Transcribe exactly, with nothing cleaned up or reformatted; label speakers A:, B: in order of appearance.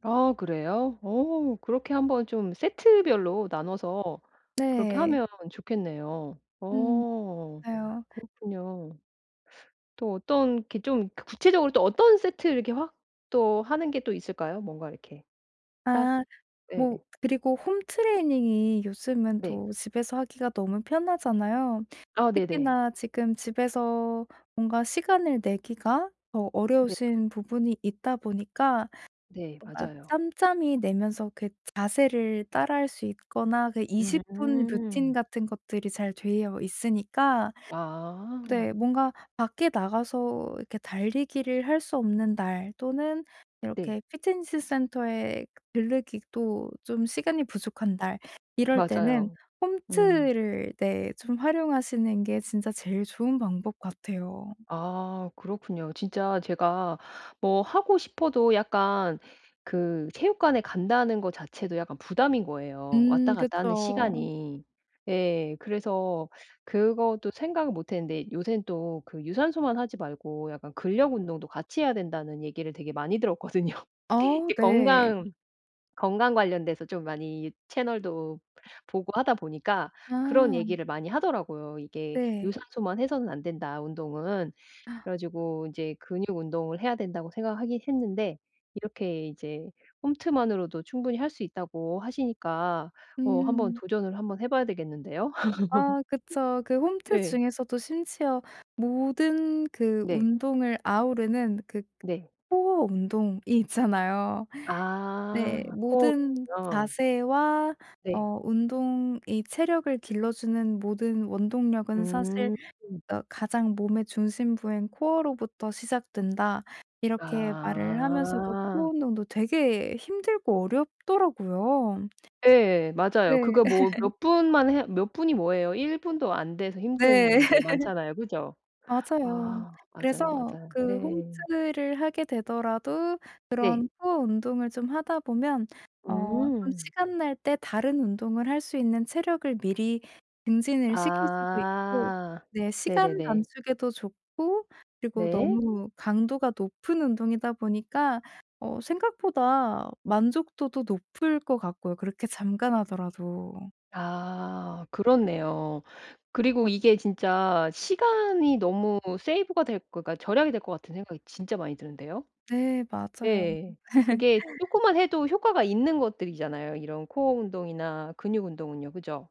A: 아 그래요? 어 그렇게 한번 좀 세트별로 나눠서 그렇게
B: 네.
A: 하면 좋겠네요.
B: 음.
A: 어.
B: 맞아요.
A: 그렇군요. 또 어떤 이렇게 좀 그 구체적으로 또 어떤 세트 이렇게 확 또 하는 게 또 있을까요? 뭔가 이렇게 딱
B: 아. 뭐
A: 예.
B: 그리고 홈 트레이닝이 요즘은
A: 네.
B: 또 집에서 하기가 너무 편하잖아요.
A: 아 네네.
B: 특히나 지금 집에서 뭔가 시간을 내기가 어
A: 네.
B: 어려우신 부분이 있다 보니까
A: 네
B: 뭔가
A: 맞아요.
B: 짬짬이 내면서 그 자세를 따라 할 수 있거나 그 이십
A: 음
B: 분 루틴
A: 음.
B: 같은 것들이 잘 되어 있으니까
A: 아.
B: 네 뭔가 밖에 나가서 이렇게 달리기를 할 수 없는 날 또는
A: 네.
B: 이렇게 피트니스 센터에 들르기도 좀 시간이 부족한 날 이럴 때는
A: 맞아요. 음.
B: 홈트를 네 좀 활용하시는 게 진짜 제일 좋은 방법 같아요.
A: 아. 그렇군요. 진짜 제가 뭐 하고 싶어도 약간 그 체육관에 간다는 거 자체도 약간 부담인 거예요
B: 음
A: 왔다 갔다 하는
B: 그쵸.
A: 시간이. 예. 그래서 그것도 생각을 못했는데 요샌 또 그 유산소만 하지 말고 약간 근력 운동도 같이 해야 된다는 얘기를 되게 많이 들었거든요.
B: 아우
A: 이게
B: 네.
A: 건강 건강 관련돼서 좀 많이 채널도 보고 하다 보니까 그런
B: 아.
A: 얘기를 많이 하더라고요. 이게
B: 네.
A: 유산소만 해서는 안된다 운동은. 그래 가지고 이제 근육 운동을 해야 된다고 생각하긴 했는데 이렇게 이제 홈트만으로도 충분히 할 수 있다고 하시니까 어 한번
B: 음.
A: 도전을 한번 해 봐야 되겠는데요?
B: 아 그쵸. 그 홈트
A: 네.
B: 중에서도 심지어 모든 그
A: 네.
B: 운동을 아우르는 그
A: 네.
B: 그 코어 운동이 있잖아요. 네.
A: 아. 코어
B: 모든
A: 운동이요?
B: 자세와
A: 네.
B: 어 운동이 체력을 길러주는 모든 원동력은 사실
A: 음.
B: 어 가장 몸의 중심부인 코어로부터 시작된다. 이렇게 말을 하면서 그 코어
A: 아.
B: 운동도 되게 힘들고 어렵더라고요.
A: 예. 맞아요.
B: 네.
A: 그거 뭐 몇 분만 해 몇 분이 뭐예요 일 분도 안 돼서
B: 네.
A: 힘든 게 많잖아요. 그죠?
B: 맞아요.
A: 아 맞아요,
B: 그래서
A: 맞아요.
B: 그
A: 네.
B: 홈트를 하게 되더라도
A: 네.
B: 그런 코어 운동을 좀 하다 보면 어 또
A: 음.
B: 시간 날 때 다른 운동을 할 수 있는 체력을 미리 증진을 시킬 수도 있고
A: 아.
B: 네 시간
A: 네네네.
B: 단축에도 좋고 그리고
A: 네.
B: 너무 강도가 높은 운동이다 보니까 어 생각보다 만족도도 높을 것 같고요 그렇게 잠깐 하더라도.
A: 아. 그렇네요. 그리고 이게 진짜 시간이 너무 세이브가 될 거 그러니까 절약이 될 것 같은 생각이 진짜 많이 드는데요?
B: 네 맞아요.
A: 예. 그게 쪼끔만 해도 효과가 있는 것들이잖아요. 이런 코어 운동이나 근육 운동은요 그죠?